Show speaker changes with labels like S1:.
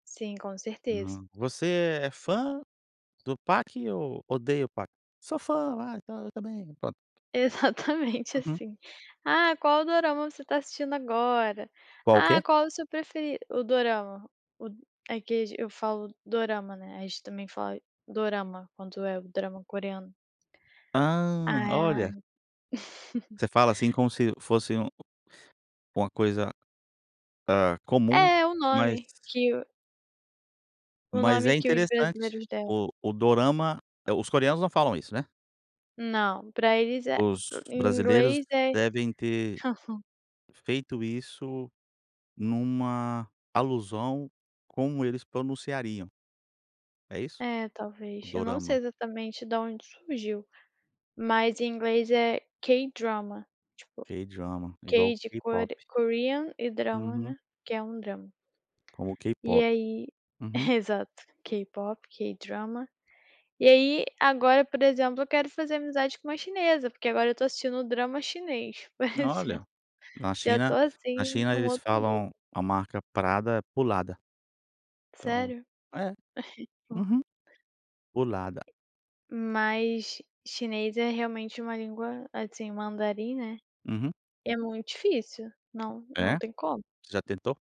S1: Sim, com certeza.
S2: Hum. Você é fã do Pak ou odeia o Pak? "Sou fã lá e tal, eu também".
S1: Exatamente
S2: Uhum.
S1: assim. Ah, qual o dorama você está assistindo agora?
S2: Qual o
S1: Ah,
S2: quê?
S1: qual o seu preferi o dorama, o é que age eu falo dorama, né, a gente também fala dorama, quanto é o drama coreano.
S2: Ah,
S1: Ah.
S2: olha. Você fala assim como se fosse um uma coisa, ah, comum,
S1: É o
S2: mas
S1: nome que o o
S2: mas
S1: nome
S2: é
S1: que os
S2: interessante,
S1: brasileiros deram.
S2: o o Dorama os coreanos não falam isso, né?
S1: Não, para eles é
S2: Os
S1: em
S2: brasileiros
S1: inglês é
S2: devem ter
S1: [unintelligible]
S2: feito isso numa alusão como eles pronunciariam. É isso?
S1: É
S2: O
S1: talvez, eu não sei
S2: Dorama.
S1: exatamente da onde surgiu, mas em inglês é K-Drama, tipo,
S2: K-Drama, igual
S1: K de
S2: K-pop.
S1: Kore Korean e drama,
S2: Uhum.
S1: né, que é um drama.
S2: Como o
S1: E
S2: K-Pop.
S1: aí,
S2: Uhum.
S1: exato, K-Pop, K-Drama. E aí agora por exemplo eu quero fazer amizade com uma chinesa, porque agora eu estou assistindo drama chinês, por
S2: Olha,
S1: exemplo.
S2: na
S1: Já
S2: China
S1: estou assim
S2: na
S1: em
S2: China
S1: um
S2: eles
S1: outro nível.
S2: falam a marca Prada é Pulada. Então.
S1: Sério?
S2: É,
S1: Porra.
S2: uhum, Pulada.
S1: Mas chinês é realmente uma língua, assim, mandarim, né.
S2: Uhum.
S1: É muito difícil, não não
S2: É?
S1: tem como.
S2: Você já tentou?